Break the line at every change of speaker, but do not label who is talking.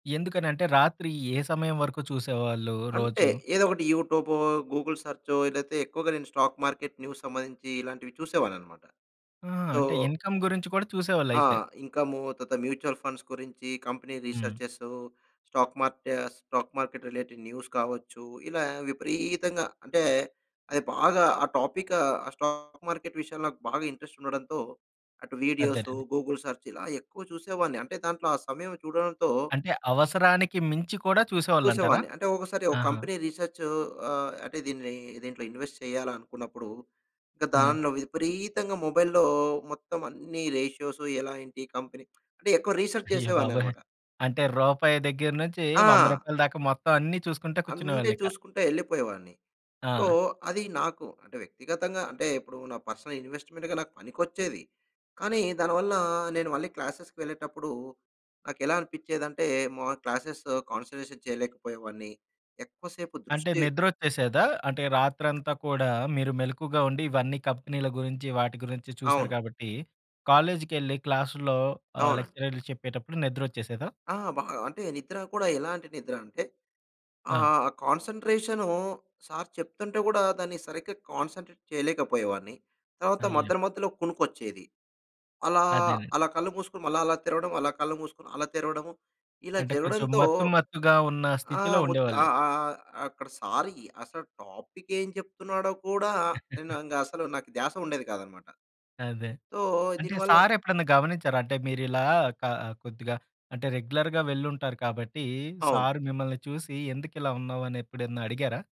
ఎందుకని అంటే రాత్రి ఏ సమయం వరకు చూసేవాళ్ళు
అంతే
రోజు?
ఏదో ఒకటి యూట్యూబో, గూగుల్ సెర్చో ఏదైతే ఎక్కువగా నేను స్టాక్ మార్కెట్ న్యూస్ సంబంధించి ఇలాంటివి చూసేవాడిననమాట.
ఆ!
సో
అంటే ఇన్కమ్ గురించి కూడా
ఆ!
చూసేవాళ్ళయితే.
ఇన్కం, తత మ్యూచుల్ ఫండ్స్ గురించి కంపెనీ
హ్మ్.
రిసెర్చెసు, స్టాక్ మార్టే స్టాక్ మార్కెట్ రిలేటెడ్ న్యూస్ కావచ్చు. ఇలా విపరీతంగా అంటే అది బాగా ఆ టాపికు ఆ స్టాక్ మార్కెట్ విషయాలు నాకు బాగా ఇంట్రెస్ట్ ఉండడంతో, అటు వీడియోస్,
అదేనండి.
గూగుల్ సెర్చ్ ఇలా ఎక్కువ చూసేవాడిని. అంటే దాంట్లో ఆ సమయం చూడడంతో
అంటే అవసరానికి మించి కూడా చూసేవాళ్ళంటారా?
చూసేవాడిని అంటే ఒకసారి ఒక
ఆహా!
కంపెనీ రిసెర్చ్ ఆహ్, అంటే దీని దీంట్లో ఇన్వెస్ట్ చేయాలనుకున్నప్పుడు ఇంక
హ్మ్.
దాన్లో విపరీతంగా మొబైల్‌లో మొత్తం అన్ని రేషియోస్ ఎలా ఏంటి ఈ కంపెనీ అంటే ఎక్కువ రిసర్చ్
అయ్య బాబోయ్!
చేసేవాడిననమాట.
అంటే, రూపాయి దగ్గర‌నుంచి వంద
ఆ!
రూపాయల దాకా మొత్తం అన్ని చూసుకుంటా
అంతే
కూర్చునేవాళ్ళిక.
చూసుకుంట ఎళ్ళిపోయేవాడిని. సో
ఆ!
అది నాకు అంటే వ్యక్తిగతంగా అంటే ఇప్పుడు నాకు పర్సనల్ ఇన్వెస్ట్మెంట్‌గా నాకు పనికొచ్చేది. కానీ దానివల్ల నేను మళ్ళీ క్లాస్సెస్‌కి వెళ్ళేటప్పుడు నాకేలా అనిపిచ్చేదంటే మా క్లాస్సెస్‌ కాన్సంట్రేషన్ చేయలేకపోయేవాడ్ని. ఎక్కువ సేపు
అంటే
దృష్టి
ని‌ద్రొ‌చ్చేసేదా? అంటే రాత్రంతా కూడా మీరు మెలుకువగా ఉండి ఇవన్నీ కంపెనీల గురించి వాటి గురించి చూసారు
అవును.
కాబట్టి, కాలేజీకేళ్లి క్లాసులో ఆ
అవునండి.
లెక్చరర్లు చెప్పేటప్పుడు ని‌ద్రొ‌చ్చేసేదా?
ఆ! బాగా. అంటే నిద్ర కూడా ఎలాంటి నిద్ర అంటే,
ఆ!
ఆహ్, కాన్సంట్రేషను సార్ చెప్తుంటే కూడా దాన్ని సరిగ్గా కాన్సంట్రేట్ చేయలేకపోయేవాడిని. తర్వాత
అయ్యో!
మధ్యలో మధ్యలో కొనుకొచ్చేది. అలా
అదేనండి.
అలా కళ్ళు మూసుకొని మళ్ళా అలా తెరవడం, అలా కళ్ళు మూసుకొని అలా తెరవడము ఇలా
అంటే కొంచెం
జరగడంతో
మత్తు, మత్తుగా ఉన్న స్థితిలో
ఆహ్, ము
ఉండేవాళ్ళు.
ఆహ్, ఆహ్ ఆ అక్కడ సార్ అసలు టాపిక్ ఏం చెప్తున్నాడో కూడా నేను ఇంగ అసలు నాకు ధ్యాస ఉండేది కాదన్నమాట.
అదే.
సో
అంటే
దీనివల్ల
సార్ ఎప్పుడన్నా గమనించారా? అంటే మీరు ఇలా క కొద్దిగా అంటే రెగ్యులర్‌గా వెళ్ళుంటారు కాబట్టి,
అవును.
సార్ మిమ్మల్ని చూసి ఎందుకిలా ఉన్నావు అని ఎప్పుడన్నా అడిగారా?